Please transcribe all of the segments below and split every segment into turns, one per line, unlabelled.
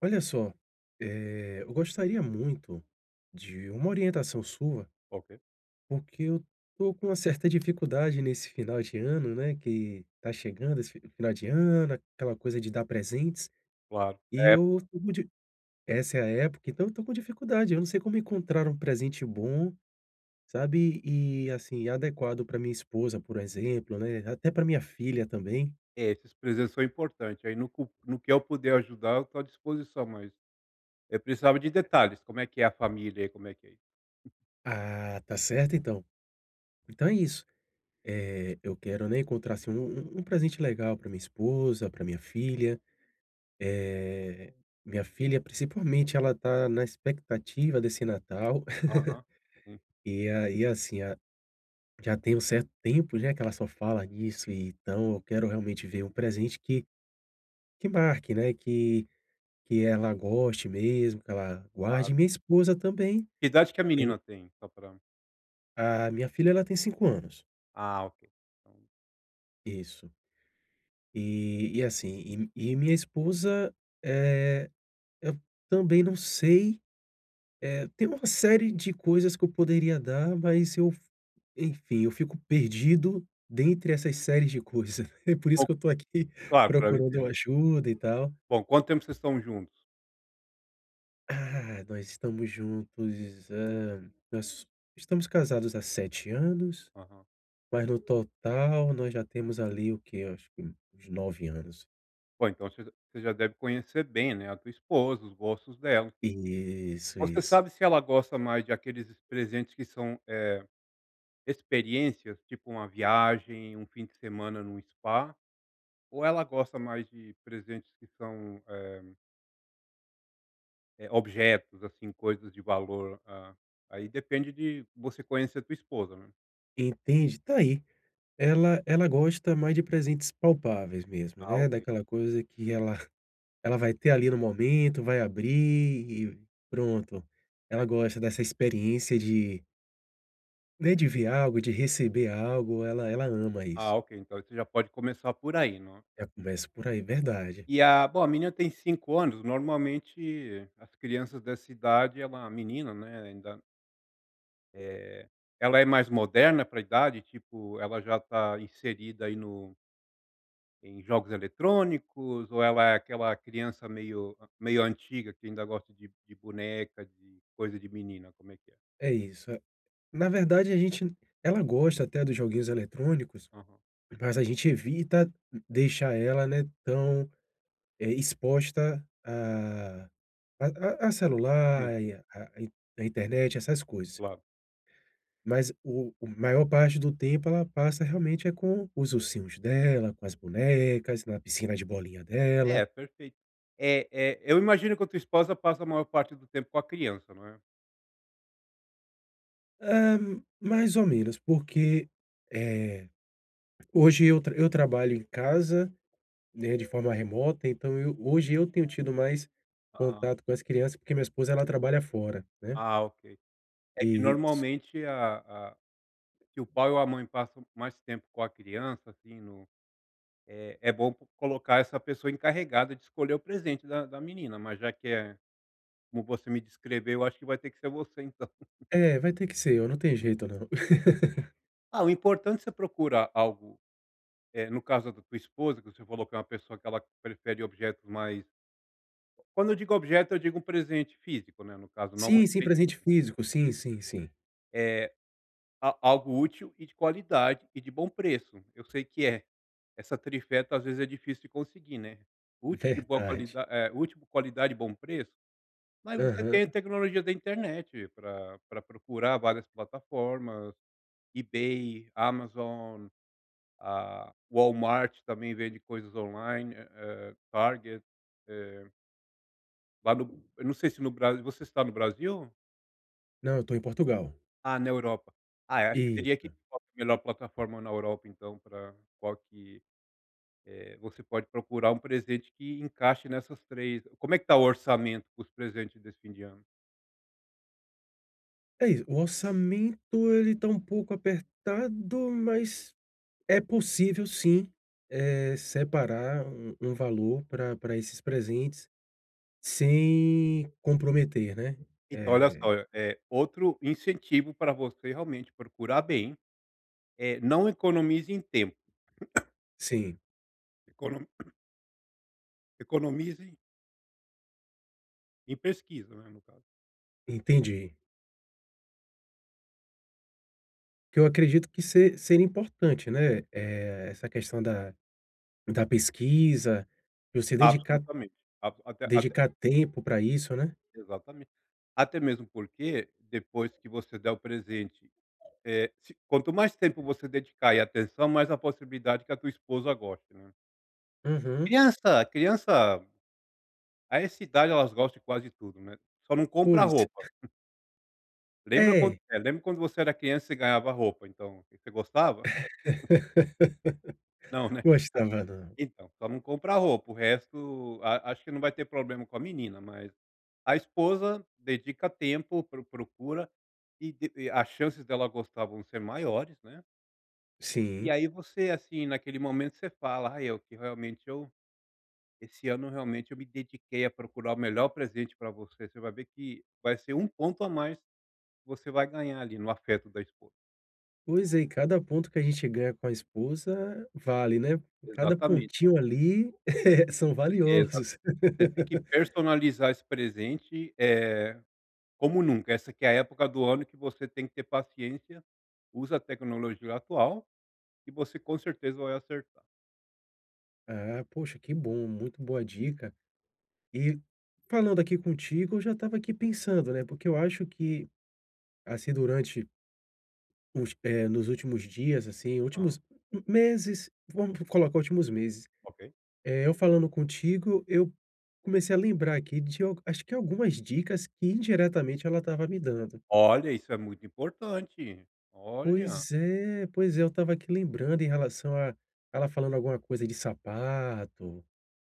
Olha só, eh, eu gostaria muito de uma orientação sua
Ok.
porque eu estou com uma certa dificuldade nesse final de ano, né, que tá chegando esse final de ano, aquela coisa de dar presentes
Claro,
e
é
eu
pra
estou com di essa é a época. Então eu estou com dificuldade. Eu não sei como encontrar um presente bom, sabe, e, assim, adequado para minha esposa, por exemplo, né, até pra minha filha também.
É, esses presentes são importantes, aí no cu no que eu puder ajudar, eu estou à disposição, mas, eh, precisava de detalhes. Como é que é a família aí? Como é que é aí?
Ah, tá certo então. Então é isso, eh, eu quero, né, encontrar, assim, um um um presente legal para minha esposa, pra minha filha. Eh, minha filha, principalmente, ela está na expectativa desse Natal.
Aham, sim.
E aí, assim, a já tem um certo tempo, né, que ela só fala nisso. E, então eu quero realmente ver um presente que que marque, né, que que ela goste mesmo, que ela
Claro.
guarde, e minha esposa também,
Que idade que a
eh
menina tem? Só pra
A minha filha, ela tem 5 anos.
Ah ok.
Isso. E e assim e e minha esposa, eh, eu também não sei. Eh, tem uma série de coisas que eu poderia dar, mas eu, enfim, eu fico perdido dentre essas séries de coisas. É por
O
isso que eu estou aqui
claro, claro, eu
procurando uma
entendo.
ajuda e tal.
Bom, quanto tempo vocês estão juntos?
Ah, nós estamos juntos, hã, nós estamos casados há 7 anos.
Aham.
Mas no total, nós já temos ali o que acho que uns 9 anos.
Bom, então você j você já deve conhecer bem, né, a tua esposa, os gostos dela.
Isso,
Você
isso.
sabe se ela gosta mais de aqueles presentes que são, eh, experiências tipo uma viagem, um fim de semana no spa? Ou ela gosta mais de presentes que são, eh eh, objetos assim, coisas de valor? Ah, aí depende de você conhecer a tua esposa, né.
Entendi, tá aí. Ela ela gosta mais de presentes palpáveis mesmo,
Ah,
né.
ok.
Daquela coisa que ela ela vai ter ali no momento, vai abrir e pronto. Ela
Ai
gosta dessa experiência de né, de ver algo, de receber algo, ela ela ama
Ah,
isso.
ok, então você já pode começar por aí, né.
Já começo por aí, verdade.
E a bom, a menina tem 5 anos. Normalmente, as crianças dessa idade é uma menina, né, ainda Eh, ela é mais moderna para a idade, tipo, ela já está inserida aí no em jogos eletrônicos, ou ela é aquela criança meio meio antiga, que ainda gosta de de boneca, de coisa de menina? Como é que é?
É isso, é Na verdade, a gente ela gosta até dos joguinhos eletrônicos,
Aham.
mas a gente evita deixar ela, né, tão, eh, exposta a a a a
Sim.
celular e a in a internet, essas coisas.
Claro.
Mas o o maior parte do tempo ela passa, realmente, é com os ursinhos dela, com as bonecas, na piscina de bolinha
É,
dela.
perfeito. É é, eu imagino que a tua esposa passa a maior parte do tempo com a criança, não é?
Ah, mais ou menos, porque, eh, hoje eu tra eu trabalho em casa, né, de forma remota. Então eu hoje eu tenho tido mais
Ah.
contato com as crianças, porque minha esposa ela trabalha fora, né
Ah, ok, é que
Isso.
normalmente a a que o pai ou a mãe passam mais tempo com a criança, assim, no é é bom po colocar essa pessoa encarregada de escolher o presente da da menina, mas já que é como você me descreveu. Eu acho que vai ter que ser você, então.
É, vai ter que ser eu não tem jeito, não.
Ah, o importante você procura algo é, no caso da da tua esposa, que você falou que é uma pessoa que ela prefere objetos mais Quando eu digo objeto, eu digo um presente físico, né. No caso, não uma
Sim, sim, presente
experiência
físico. Sim,
física.
sim, sim.
Eh, a algo útil e de qualidade e de bom preço. Eu sei que é essa trifeta às vezes é difícil de conseguir, né. Útil de boa
Verdade.
qualida eh, útil, qualidade e bom preço, mas você
Aham.
tem a tecnologia da internet pra pra procurar várias plataformas, eBay, Amazon, a Walmart também vende coisas online, eh, Target, eh. Lá no eu não sei se no Bras você está no Brasil?
Não, eu tô em Portugal.
Ah, na Europa. Ah, eu acho que você teria que
Isso.
[unintelligible] qual que é a melhor plataforma na Europa, então pra qual que, eh, você pode procurar um presente que encaixe nessas 3. Como é que está o orçamento com os presentes desse fim de ano?
É isso, o orçamento ele tá um pouco apertado, mas é possível sim, eh, separar um um valor pra pra esses presentes sem comprometer, né,
Então olha
eh.
só, eh, outro incentivo para você realmente procurar bem. Eh, não economize em tempo.
Sim.
Econom economize em pesquisa, né, no caso.
Entendi. Que eu acredito que se seria importante, né. Eh, essa questão da da pesquisa, pra eu se dedicar
Absolutamente abso até até
dedicar tempo pra isso, né?
Exatamente. Até mesmo porque depois que você der o presente, eh, se quanto mais tempo você dedicar e atenção, mais a possibilidade que a tua esposa goste, né.
Uhum.
Criança criança a essa idade, elas gostam de quase tudo, né, só não compra
Pois.
roupa. Lembra quando
É.
é, lembra quando você era criança e você ganhava roupa, então, você gostava? Não, né,
Gostava não.
então, só não comprar roupa, o resto a acho que não vai ter problema com a menina, mas a esposa dedica tempo, pro procura e de e as chances dela gostar vão ser maiores, né e,
Sim.
aí, você, assim, naquele momento você fala: "Ai, eu que realmente, eu esse ano, realmente, eu me dediquei a procurar o melhor presente para você.". Você vai ver que vai ser um ponto a mais que você vai ganhar, ali, no afeto da esposa.
Pois é, e cada ponto que a gente ganha com a esposa vale, né, cada
Exatamente.
pontinho, ali, são
Exato,
valiosos.
você tem que personalizar esse presente, eh, como nunca. Essa que é a época do ano que você tem que ter paciência, usa a tecnologia atual que você, com certeza, vai acertar.
Ah, poxa, que bom, muito boa dica e falando aqui contigo, eu já estava aqui pensando, né, porque eu acho que, assim, durante [unintelligible] eh, nos últimos dias, assim,
Ah.
últimos meses, vamos colocar últimos meses,
OK.
eh, eu falando contigo, eu comecei a lembrar aqui de al acho que algumas dicas que, indiretamente, ela estava me dando.
Olha, isso é muito importante. Olha.
Pois é, pois é. Eu estava aqui lembrando em relação a ela falando alguma coisa de sapato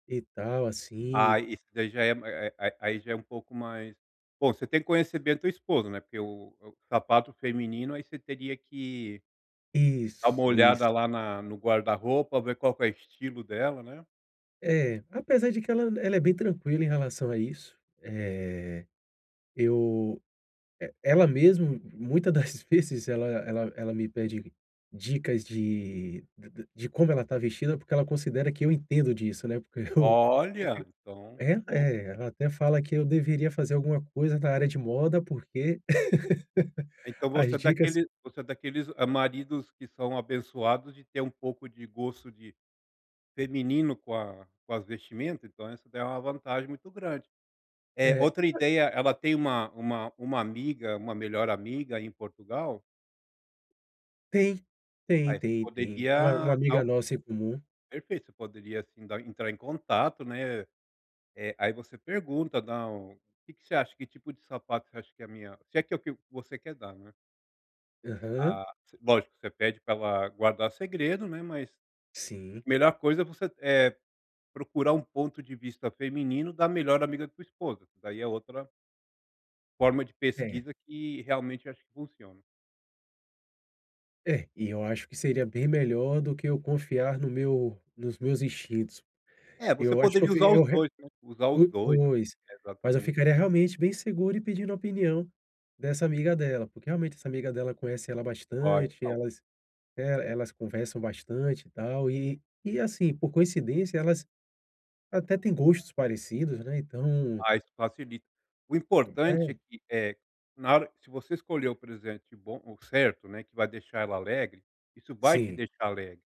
e tal,
Ah,
assim.
isso daí já é a aí aí já é um pouco mais bom, você tem que conhecer bem a tua esposa, né, porque o o sapato feminino, aí você teria que dá uma
Isso, isso.
olhada lá na no guarda-roupa, ver qual que é o estilo dela, né?
É, apesar de que ela ela é bem tranquila em relação a isso, eh, eu, eh, ela mesmo, muita das vezes ela ela ela me pede dicas de de de de como ela está vestida, porque ela considera que eu entendo disso, né. Porque eu
Olha, então,
é
que bom.
é, ela até fala que eu deveria fazer alguma coisa na área de moda, porque
Então, você
as
é
dicas
daqueles você é daqueles maridos que são abençoados de ter um pouco de gosto de feminino com a com as vestimento, então isso dá uma vantagem muito grande. É
É.
outra ideia. Ela tem uma uma uma amiga uma melhor amiga em Portugal?
Tem, tem,
Aí você
tem, tem, não, e
poderia dar
amiga
o
nossa em comum
Perfeito. Você poderia, assim, dar entrar em contato, né. Eh, aí você pergunta "Não, o que que você acha? Que tipo de sapato você acha que é a minha", se é que é o que você quer dar, né.
Aham.
Ah lógico, você pede pra ela guardar segredo, né. Mas
Sim.
melhor coisa é você, eh, procurar um ponto de vista feminino da melhor amiga da tua esposa, que daí é outra forma de
É.
pesquisa que realmente acho que funciona.
É e eu acho que seria bem melhor do que eu confiar no meu nos meus instintos.
É, você
Eu acho que eu
poderia
fiz
usar os
eu re
2, né. Usar os
o
2,
pois, mas eu
exatamente.
ficaria realmente bem seguro e pedindo a opinião dessa amiga dela, porque realmente essa amiga dela conhece ela
Ó,
bastante,
então
elas, eh, elas conversam bastante e tal e e assim, por coincidência, elas até tem gostos parecidos, né. Então
Ah, isso facilita. O
Hum,
importante é
é.
que, eh, na hora, se você escolher o presente bom ou certo, né, que vai deixar ela alegre, isso vai te
Sim.
deixar alegre.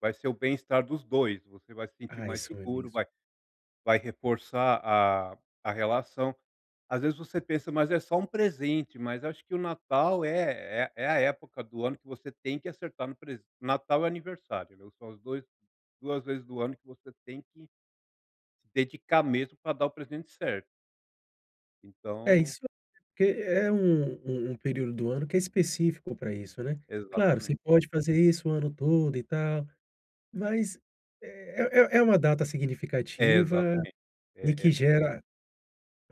Vai ser o bem-estar dos 2, você vai se sentir
Ah,
mais
isso é
seguro,
mesmo.
vai vai reforçar a a relação. Às vezes, você pensa: "Mas é só um presente", mas acho que o Natal é é é a época do ano que você tem que acertar no pres Natal e aniversário, né. São os dois duas vezes do ano que você tem que dedicar mesmo pra dar o presidente certo.
É
Então
isso porque é um um um período do ano que é específico para isso, né? Claro, você
Exatamente.
pode fazer isso o ano todo e tal, mas é é é é uma data
É
significativa
exatamente
e
é
que
é.
gera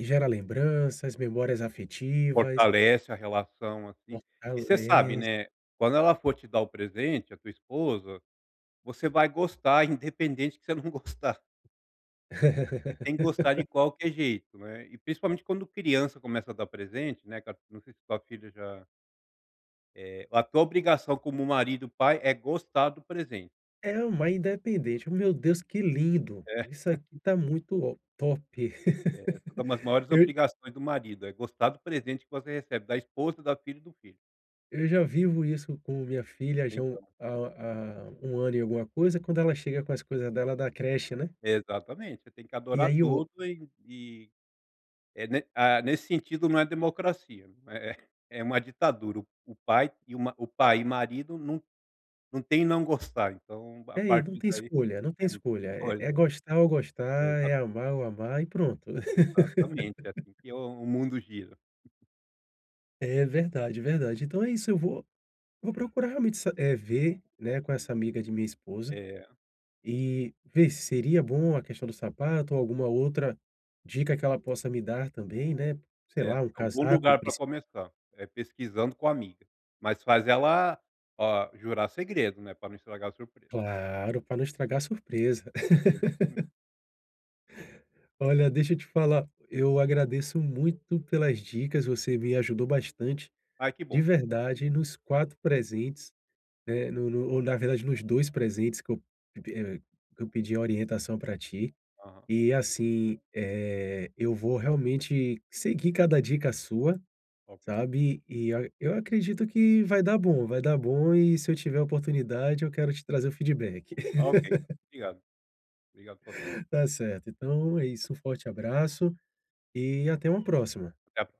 gera lembranças, memórias afetivas.
Fortalece a relação, assim, e você sabe,
Fortalece.
né. Quando ela for te dar o presente, a tua esposa, você vai gostar, independente que você não gostar. Você tem que gostar de qualquer jeito, né, e principalmente quando criança começa a dar presente, né, ca não sei se sua filha já eh, a tua obrigação como marido, pai é gostar do presente.
É uma independente meu Deus que lindo
É.
isso aqui tá muito, ó top.
É uma das maiores obrigações do marido, é gostar do presente que você recebe da esposa, da filha e do filho.
Eu já vivo isso com minha filha já há um
Então.
há há 1 ano e alguma coisa, quando ela chega com as coisas dela da creche, né?
Exatamente, você tem que
E
adorar
aí o
tudo e e é, né. Ah, nesse sentido, não é democracia, é é é uma ditadura, o o pai e o ma o pai e o marido não não tem não gostar. Então, a
É aí, não
partir
tem
daí
escolha, não tem
é
escolha, é é
[unintelligible]
gostar ou gostar, é
Exatamente.
amar ou amar e pronto.
Exatamente é assim que o o mundo gira.
É verdade, verdade. Então é isso. Eu vou vou procurar realmente sa eh, ver, né, com essa amiga de minha esposa.
É.
E ver se seria bom a questão do sapato ou alguma outra dica que ela possa me dar também, né, sei
É
lá, um
algum
casaco
lugar para
princi
começar, é pesquisando com a amiga, mas faz ela, ah, jurar segredo, né, pra não estragar a surpresa.
Claro para não estragar a surpresa.
Exatamente.
Olha, deixa eu te falar, eu agradeço muito pelas dicas. Você me ajudou bastante
Ai, que
de
bom,
verdade
que bom.
nos 4 presentes, né. No no ou, na verdade, nos 2 presentes que eu eh, que eu pedi uma orientação para ti.
Aham.
E, assim, eh, eu vou realmente seguir cada dica sua,
OK.
sabe? E a eu acredito que vai dar bom, vai dar bom. E, se eu tiver a oportunidade, eu quero te trazer o feedback.
Ok. Obrigado, obrigado [unintelligible]
Tá certo. Então é isso, um forte abraço e até uma próxima.
Até a